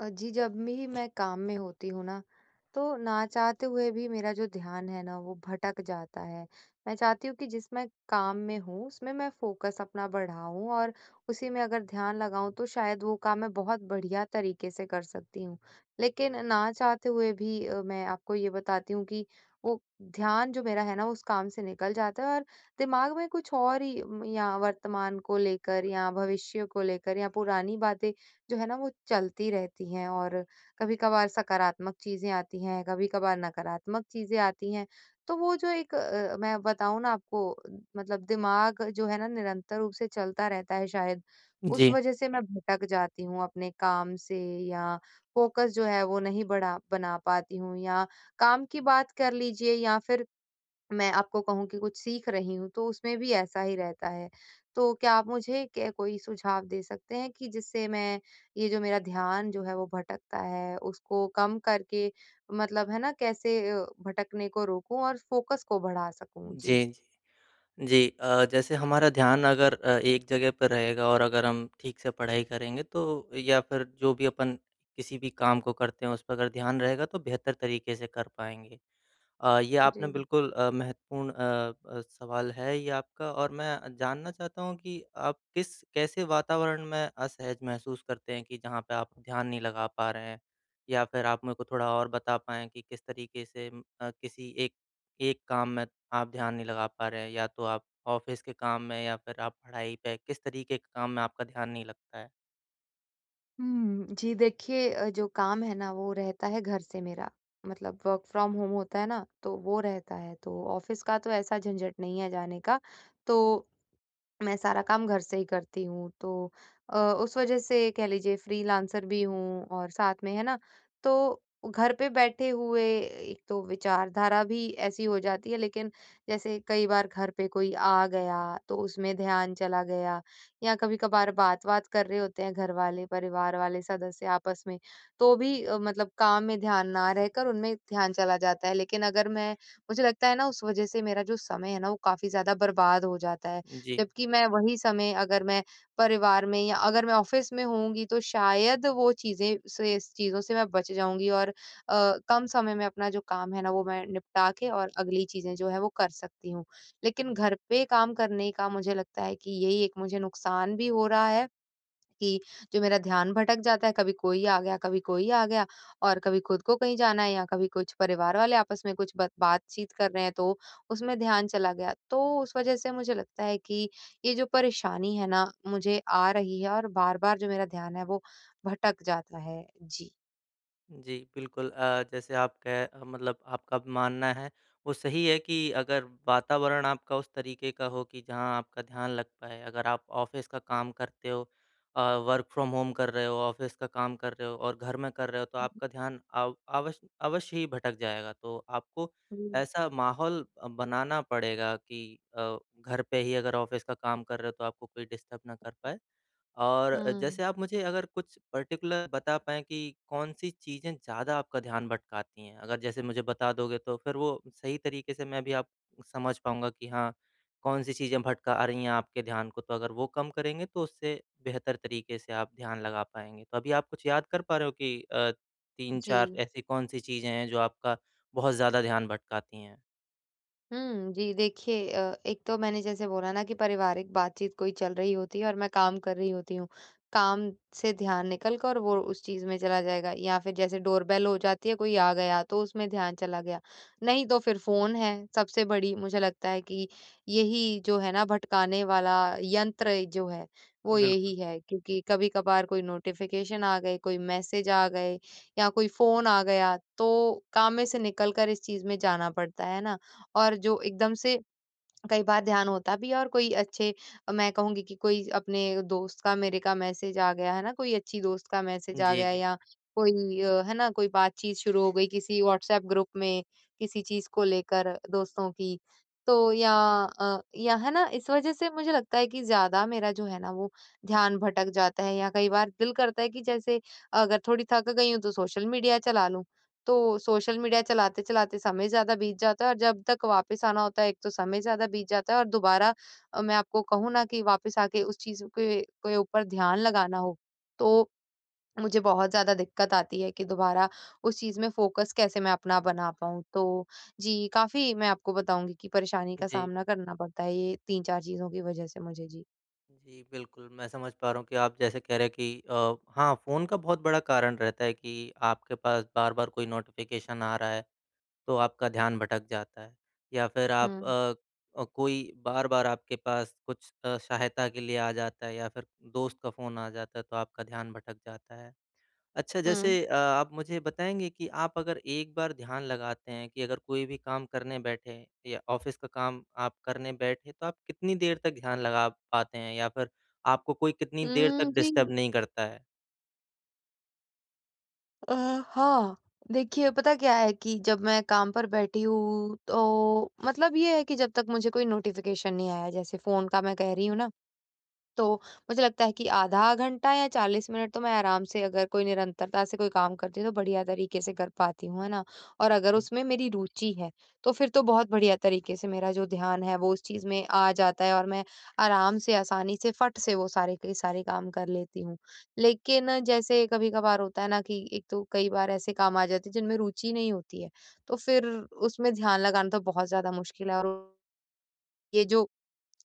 अ, जी, जब भी मैं काम में होती हूँ ना, तो ना चाहते हुए भी मेरा जो ध्यान है ना, वो भटक जाता है। मैं चाहती हूँ कि जिस मैं काम में हूँ उसमें मैं फ़ोकस अपना बढ़ाऊँ और उसी में अगर ध्यान लगाऊँ तो शायद वो काम मैं बहुत बढ़िया तरीके से कर सकती हूँ। लेकिन न चाहते हुए भी अ, मैं आपको ये बताती हूँ कि वो ध्यान जो मेरा है ना, उस काम से निकल जाता है। और दिमाग में कुछ और ही म या वर्तमान को लेकर या भविष्य को लेकर या पुरानी बातें जो है ना, वो चलती रहती हैं। और कभी-कभार सकारात्मक चीज़ें आती हैं, कभी-कभार नकारात्मक चीज़ें आती हैं। तो वो जो एक अ, मैं बताऊँ ना आपको अ, मतलब दिमाग जो है ना, निरंतर रूप से चलता रहता है, शायद उस जी। वज़ह से मैं भटक जाती हूँ अपने काम से। या फ़ोकस जो है वो नहीं बढ़ा बना पाती हूँ। या काम की बात कर लीजिए या फ़िर मैं आपको कहूँ कि कुछ सीख रही हूँ तो उसमें भी ऐसा ही रहता है। तो क्या आप मुझे के कोई सुझाव दे सकते हैं कि जिससे मैं ये जो मेरा ध्यान जो है वो भटकता है। उसको कम करके मतलब है ना, कैसे अ, भटकने को रोकूँ और फ़ोकस को बढ़ा सकूँ। जी। जी। जी, अ, जैसे हमारा ध्यान अगर अ, एक जगह पर रहेगा और अगर हम ठीक से पढ़ाई करेंगे तो या फ़िर जो भी अपन किसी भी काम को करते हैं, उस पर अगर ध्यान रहेगा, तो बेहतर तरीके से कर पाएँगे। अ, ये आपने जी। बिल्कुल अ, महत्वपूर्ण अ अ, सवाल है ये आपका और मैं अ, जानना चाहता हूँ कि आप किस कैसे वातावरण में असहज महसूस करते हैं कि जहाँ पे आप ध्यान नहीं लगा पा रहे हैं। या फ़िर आप मेरे को थोड़ा और बता पाएँ कि, किस तरीके से अ, किसी एक एक काम में आप ध्यान नहीं लगा पा रहे हैं। या तो आप ऑफ़िस के काम में या फ़िर आप पढ़ाई पे। किस तरीके के काम में आपका ध्यान नहीं लगता है? हुँ, जी। देखिए, अ, जो काम है न वो रहता है घर से मेरा, मतलब वर्क फ्रॉम होम होता है ना? तो वो रहता है तो ऑफ़िस का तो ऐसा झंझट नहीं है जाने का। तो, मैं सारा काम घर से ही करती हूँ, तो अ, उस वज़ह से कह लीजिए फ्रीलांसर भी हूँ और साथ में है ना? तो घर पे बैठे हुए एक तो विचारधारा भी ऐसी हो जाती है। लेकिन जैसे कई बार घर पे कोई आ गया तो उसमें ध्यान चला गया या कभी-कभार बात-वात कर रहे होते हैं घर वाले, परिवार वाले सदस्य आपस में तो भी अ, मतलब काम में ध्यान ना रहकर उनमें ध्यान चला जाता है। लेकिन अगर मैं मुझे लगता है न उस वज़ह से मेरा जो समय है ना, वो काफ़ी ज़्यादा बर्बाद हो जाता है। जी। जबकि मैं वही समय अगर मैं परिवार में या अगर मैं ऑफ़िस में होऊँगी तो शायद वो चीज़ें से इस चीज़ों से मैं बच जाऊँगी। और अ, कम समय में अपना जो काम है न वो मैं निपटा के और अगली चीज़ें जो हैं वो कर सकती हूँ। लेकिन घर पे काम करने का मुझे लगता है कि यही एक मुझे नुकसान भी हो रहा है कि जो मेरा ध्यान भटक जाता है कभी कोई आ गया, कभी कोई आ गया और कभी खुद को कहीं जाना है या कभी कुछ परिवार वाले आपस में कुछ ब बात-चीत कर रहे हैं तो उसमें ध्यान चला गया। तो उस वज़ह से मुझे लगता है कि ये जो परेशानी है ना, मुझे आ रही है और बार-बार जो मेरा ध्यान है वो भटक जाता है। जी। जी। बिल्कुल, अ, जैसे आपके मतलब आपका मानना है वो सही है कि अगर वातावरण आपका उस तरीके का हो कि जहाँ आपका ध्यान लग पाए। अगर आप ऑफ़िस का काम करते हो अ, वर्क फ्रॉम होम कर रहे हो, ऑफ़िस का काम कर रहे हो और घर में कर रहे हो तो आपका ध्यान अ, अव अवश्य ही भटक जाएगा। तो आपको हुँ। ऐसा माहौल अ, बनाना पड़ेगा कि अ, घर पे ही अगर ऑफ़िस का काम कर रहे हो तो आपको कोई डिस्टर्ब ना कर पाए और हुँ। जैसे आप मुझे अगर कुछ पर्टिकुलर बता पाएँ कि कौन सी चीजें ज़्यादा आपका ध्यान भटकाती हैं? अगर जैसे मुझे बता दोगे तो फिर वो सही तरीके से मैं भी आप समझ पाऊँगा कि हाँ कौन-सी चीजें भटका रही हैं आपके ध्यान को तो अगर वो कम करेंगे तो उससे बेहतर तरीके से आप ध्यान लगा पाएँगे। तो अभी आप कुछ याद कर पा रहे हो कि अ, 3-4 जी। ऐसी कौन-सी चीजें हैं जो आपका बहुत ज़्यादा ध्यान भटकाती हैं? हुँ, जी। देखिए अ, एक तो मैंने जैसे बोला ना कि पारिवारिक बातचीत कोई चल रही होती है और मैं काम कर रही होती हूँ। काम से ध्यान निकल कर और उस चीज़ में चला जाएगा या फिर जैसे डोरबेल हो जाती है कोई आ गया तो उसमें ध्यान चला गया। नहीं तो फिर फ़ोन है, सबसे बड़ी मुझे लगता है कि यही जो है ना भटकाने वाला यंत्र जो है, वो बिल्क यही है क्योंकि कभी-कभार कोई नोटिफ़िकेशन आ गए, कोई मैसेज आ गए या कोई फ़ोन आ गया तो काम में से निकल कर इस चीज़ में जाना पड़ता है। है ना? और जो एकदम से कई बार ध्यान होता भी है और कोई अच्छे मैं कहूँगी कि कोई अपने दोस्त का मेरे का मैसेज आ गया है ना? कोई अच्छी दोस्त का मैसेज आ जी, गया जी। या कोई अ, है ना? कोई बातचीत शुरू हो गई किसी व्हाट्सऐप ग्रुप में किसी चीज़ को लेकर दोस्तों की तो या अ, या है ना इस वज़ह से मुझे लगता है कि ज़्यादा मेरा जो है ना वो ध्यान भटक जाता है या कई बार दिल करता है कि जैसे अगर थोड़ी थक गई हूँ, तो सोशल मीडिया चला लूँ। तो सोशल मीडिया चलाते-चलाते समय ज़्यादा बीत जाता है और जब तक वापस आना होता है एक तो समय ज़्यादा बीत जाता है और दोबारा अ, मैं आपको कहूँ ना कि वापस आके उस चीज़ के के, ऊपर ध्यान लगाना हो, तो मुझे बहुत ज़्यादा दिक्कत आती है कि दोबारा उस चीज़ में फोकस कैसे मैं अपना बना पाऊँ? तो जी काफ़ी मैं आपको बताऊँगी कि परेशानी का जी। सामना करना पड़ता है ये 3-4 चीज़ों की वज़ह से मुझे। जी। जी। बिल्कुल, मैं समझ पा रहा हूँ कि आप जैसे कह रहे हैं कि अ हाँ फ़ोन का बहुत बड़ा कारण रहता है कि आपके पास बार-बार कोई नोटिफ़िकेशन आ रहा है। तो आपका ध्यान भटक जाता है। या फिर आप हुँ। अ अ, कोई बार-बार आपके पास कुछ अ, सहायता के लिए आ जाता है या फिर दोस्त का फ़ोन आ जाता है तो आपका ध्यान भटक जाता है। अच्छा हुँ। जैसे अ, आप मुझे बताएँगे कि आप अगर एक बार ध्यान लगाते हैं कि अगर कोई भी काम करने बैठे हैँ या ऑफ़िस का काम आप करने बैठे तो आप कितनी देर तक ध्यान लगा पाते हैं? या फिर आपको कोई कितनी देर तक हुँ, डिस्टर्ब जी। नहीं करता है? अ, हाँ। देखिए, पता क्या है कि जब मैं काम पर बैठी हूँ तो मतलब ये है कि जब तक मुझे कोई नोटिफ़िकेशन नहीं आया जैसे फ़ोन का मैं कह रही हूँ ना। तो मुझे लगता है कि आधा घंटा या 40 मिनट तो मैं आराम से अगर कोई निरंतरता से कोई काम करती तो बढ़िया तरीके से कर पाती हूँ। है ना? और अगर ओके। उसमें मेरी रुचि है तो फिर तो बहुत बढ़िया तरीके से मेरा जो ध्यान है वो उस चीज़ में आ जाता है और मैं आराम से, आसानी से, फट से वो सारे के सारे काम कर लेती हूँ। लेकिन जैसे कभी-कभार होता है ना, कि एक तो कई बार ऐसे काम आ जाते हैं जिनमें रुचि नहीं होती है। तो फिर उसमें ध्यान लगाना तो बहुत ज़्यादा मुश्किल है, और ये जो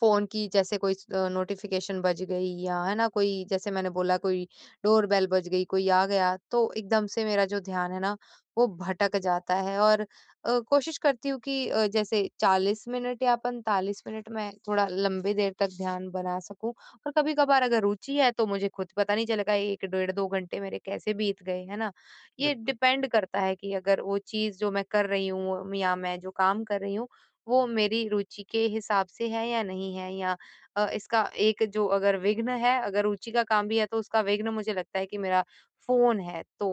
फ़ोन की जैसे कोई इ नोटिफ़िकेशन बज गई या है ना, कोई जैसे मैंने बोला कोई डोर बेल बज गई कोई आ गया तो एकदम से मेरा जो ध्यान है न वो भटक जाता है। और अ, कोशिश करती हूँ कि अ, जैसे 40 मिनट या 45 मिनट में थोड़ा लंबी देर तक ध्यान बना सकूँ। और कभी-कभार अगर रुचि है तो मुझे ख़ुद पता नहीं चलेगा 1 डेढ़ 2 घंटे मेरे कैसे बीत गए, है ना? ये बिल्कुल। डिपेंड करता है कि अगर वो चीज़ जो मैं कर रही हूँ या मैं जो काम कर रही हूँ वो मेरी रुचि के हिसाब से है या नहीं है। या अ, इसका एक जो अगर विघ्न है अगर रुचि का काम भी है तो उसका विघ्न मुझे लगता है कि मेरा फ़ोन है। तो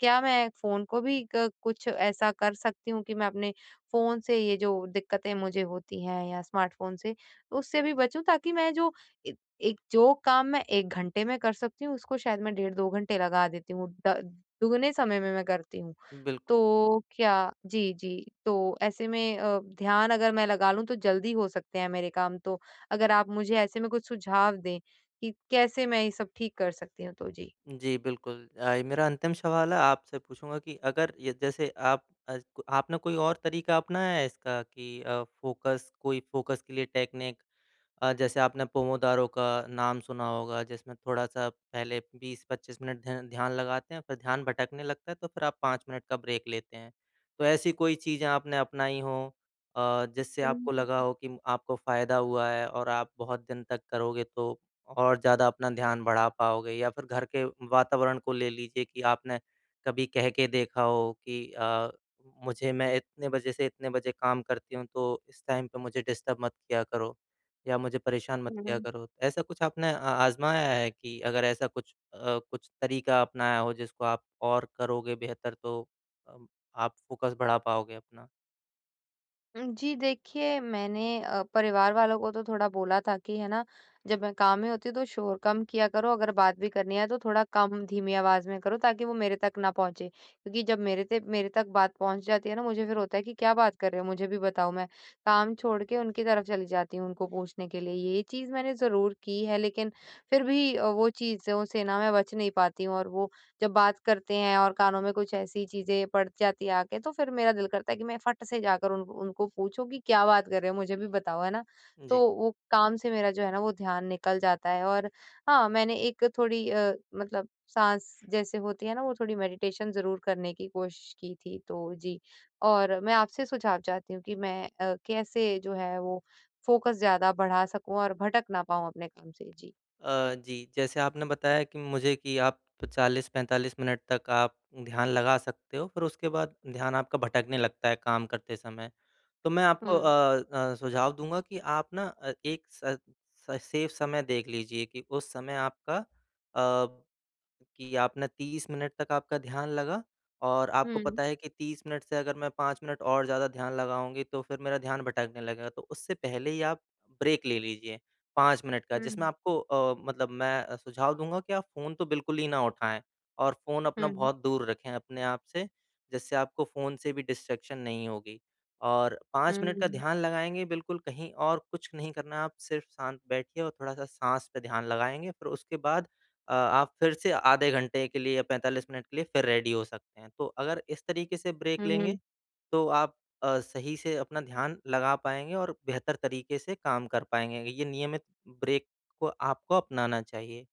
क्या मैं फ़ोन को भी क कुछ ऐसा कर सकती हूँ कि मैं अपने फ़ोन से ये जो दिक्कतें मुझे होती हैं या स्मार्टफ़ोन से उससे भी बचूँ ताकि मैं जो ए एक जो काम मैं 1 घंटे में कर सकती हूँ उसको शायद मैं डेढ़ 2 घंटे लगा देती हूँ। द दुगने समय में मैं करती हूँ। बिल्कुल। तो क्या जी, जी। तो ऐसे में अ, ध्यान अगर मैं लगा लूँ तो जल्दी हो सकते हैं मेरे काम तो अगर आप मुझे ऐसे में कुछ सुझाव दें कि कैसे मैं ये सब ठीक कर सकती हूँ? तो जी। जी, बिल्कुल। अ, मेरा अंतिम सवाल है आपसे पूछूँगा कि अगर य जैसे आप अ, आपने कोई और तरीका अपनाया है इसका कि अ, फ़ोकस कोई फ़ोकस के लिए टेक्निक अ, जैसे आपने पोमोदारों का नाम सुना होगा। जिसमें थोड़ा सा पहले 20-25 मिनट ध्या ध्यान लगाते हैं फिर ध्यान भटकने लगता है तो फिर आप 5 मिनट का ब्रेक लेते हैं। तो ऐसी कोई चीज़ें आपने अपनाई हो अ, जिससे आपको लगा [unintelligible] हो कि आपको फ़ायदा हुआ है और आप बहुत दिन तक करोगे तो और ज़्यादा अपना ध्यान बढ़ा पाओगे? या फिर घर के वातावरण को ले लीजिए कि आपने कभी कह के देखा हो कि अ, मुझे मैं इतने बजे से इतने बजे काम करती हूँ तो इस टाइम पे मुझे डिस्टर्ब मत किया करो या मुझे परेशान मत किया हुँ। करो? ऐसा कुछ आपने आ आजमाया है कि अगर ऐसा कुछ अ, कुछ तरीका अपनाया हो जिसको आप और करोगे बेहतर तो अ, आप फ़ोकस बढ़ा पाओगे अपना? हुँ, जी। देखिए, मैंने अ, परिवार वालों को तो थोड़ा बोला था कि है ना जब मैं काम में होती हूँ तो शोर कम किया करो। अगर बात भी करनी है तो थोड़ा कम धीमी आवाज़ में करो ताकि वो मेरे तक ना पहुँचे। क्योंकि जब मेरे ते मेरे तक बात पहुँच जाती है ना मुझे फिर होता है कि क्या बात कर रहे हो? मुझे भी बताओ। मैं काम छोड़ के उनकी तरफ़ चली जाती हूँ उनको पूछने के लिए। ये चीज़ मैंने ज़रूर की है लेकिन फिर भी वो चीज़ों से न मैं बच नहीं पाती हूँ और वो जब बात करते हैं और कानों में कुछ ऐसी चीज़ें पड़ जाती हैं आ के, तो फिर मेरा दिल करता है कि मैं फट से जाकर उन उनको पूछो कि क्या बात कर रहे हो मुझे भी बताओ, है ना? उ तो जी। वो काम से मेरा जो है ना वो ध्यान निकल जाता है और हाँ, मैंने एक थोड़ी अ, मतलब साँस जैसे होती है ना, वो थोड़ी मेडिटेशन ज़रूर करने की कोशिश की थी। तो जी। और मैं आपसे सुझाव चाहती हूँ कि मैं अ, कैसे जो है वो फोकस ज़्यादा बढ़ा सकूँ और भटक ना पाऊँ अपने काम से? जी। अ, जी। जैसे आपने बताया कि मुझे कि आप 40-45 मिनट तक आप ध्यान लगा सकते हो फिर उसके बाद ध्यान आपका भटकने लगता है काम करते समय। तो मैं आपको हुँ। अ अ, सुझाव दूँगा कि आप ना अ, एक स स सेफ़ समय देख लीजिए कि उस समय आपका अ, कि आपने 30 मिनट तक आपका ध्यान लगा और आपको हुँ। पता है कि 30 मिनट से अगर मैं 5 मिनट और ज़्यादा ध्यान लगाऊँगी तो फिर मेरा ध्यान भटकने लगेगा। तो उससे पहले ही आप ब्रेक ले लीजिए, 5 मिनट का जिसमें हुँ। आपको अ, मतलब मैं सुझाव दूँगा कि आप फ़ोन तो बिल्कुल ही ना उठाएँ और फ़ोन अपना हुँ। बहुत दूर रखें अपने आप से। जिससे आपको फ़ोन से भी डिस्ट्रैक्शन नहीं होगी और हुँ, 5 मिनट का हुँ। ध्यान लगाएँगे बिल्कुल कहीं और कुछ नहीं करना है आप सिर्फ़ शांत बैठिए और थोड़ा-सा साँस पे ध्यान लगाएँगे फिर उसके बाद अ, आप फिर से आधे घंटे के लिए या 45 मिनट के लिए फिर रेडी हो सकते हैं। तो अगर इस तरीके से ब्रेक हुँ। लेंगे तो आप अ, सही से अपना ध्यान लगा पाएँगे और बेहतर तरीके से काम कर पाएँगे। ये नियमित ब्रेक को आपको अपनाना चाहिए।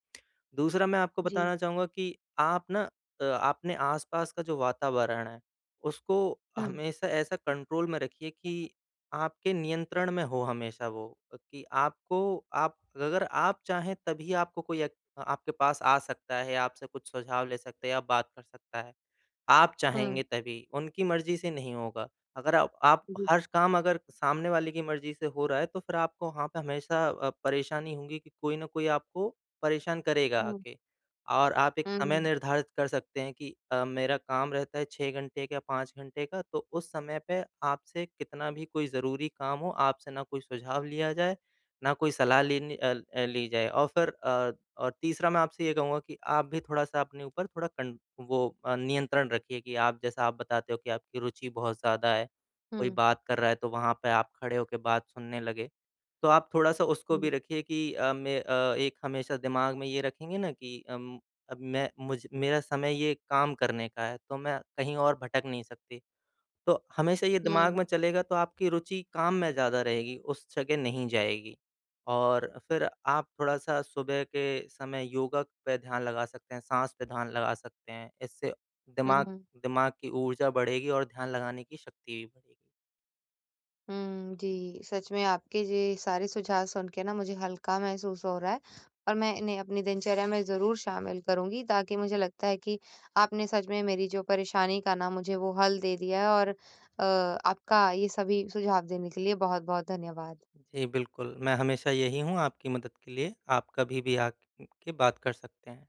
दूसरा मैं आपको जी। बताना चाहूँगा कि आप न अ, अपने आसपास का जो वातावरण है, उसको हुँ। हमेशा ऐसा कंट्रोल में रखिए कि आपके नियंत्रण में हो हमेशा वो कि आपको आप अगर आप चाहें तभी आपको कोई एक आपके पास आ सकता है, आपसे कुछ सुझाव ले सकता है या बात कर सकता है। आप हुँ। चाहेंगे तभी उनकी मर्ज़ी से नहीं होगा। अगर अप आप हुँ, हुँ। हर काम अगर सामने वाले की मर्ज़ी से हो रहा है तो फिर आपको वहाँ पे हमेशा अ, परेशानी होगी कि कोई न कोई आपको परेशान करेगा हुँ। आके। और आप एक समय हुँ। निर्धारित कर सकते हैं कि अ, मेरा काम रहता है 6 घंटे का 5 घंटे का तो उस समय पे आपसे कितना भी कोई ज़रूरी काम हो आपसे ना कोई सुझाव लिया जाए, ना कोई सलाह लेनी अ, ली जाए। और फिर अ, और तीसरा मैं आपसे ये कहूँगा कि आप भी थोड़ा-सा अपने ऊपर थोड़ा कन वो अ, नियंत्रण रखिए कि आप जैसा आप बताते हो कि आपकी रुचि बहुत ज़्यादा है। कोई हुँ। बात कर रहा है तो वहाँ पे आप खड़े होके बात सुनने लगे। तो आप थोड़ा-सा उसको हुँ। भी रखिए कि अ, मैं अ, एक हमेशा दिमाग में ये रखेंगे न कि उम, अब मैं मुझ मेरा समय ये काम करने का है तो मैं कहीं और भटक नहीं सकती। तो हमेशा ये दिमाग हुँ। में चलेगा तो आपकी रूचि काम में ज़्यादा रहेगी। उस जगह नहीं जाएगी और फिर आप थोड़ा-सा सुबह के समय योगा पे ध्यान लगा सकते हैं, साँस पे ध्यान लगा सकते हैं। इससे हुँ, दिमाग हुँ। दिमाग की ऊर्जा बढ़ेगी और ध्यान लगाने की शक्ति भी बढ़ेगी। हुँ, जी। सच में आपके ये सारे सुझाव सुन के न मुझे हल्का महसूस हो रहा है। और मैं इन्हें अपनी दिनचर्या में ज़रूर शामिल करूँगी ताकि मुझे लगता है कि आपने सच में मेरी जो परेशानी का न मुझे वो हल दे दिया है। और अ, आपका ये सभी सुझाव देने के लिए बहुत-बहुत धन्यवाद। जी। बिल्कुल, मैं हमेशा यही हूँ आपकी मदद के लिए। आप कभी भी आके के बात कर सकते हैं।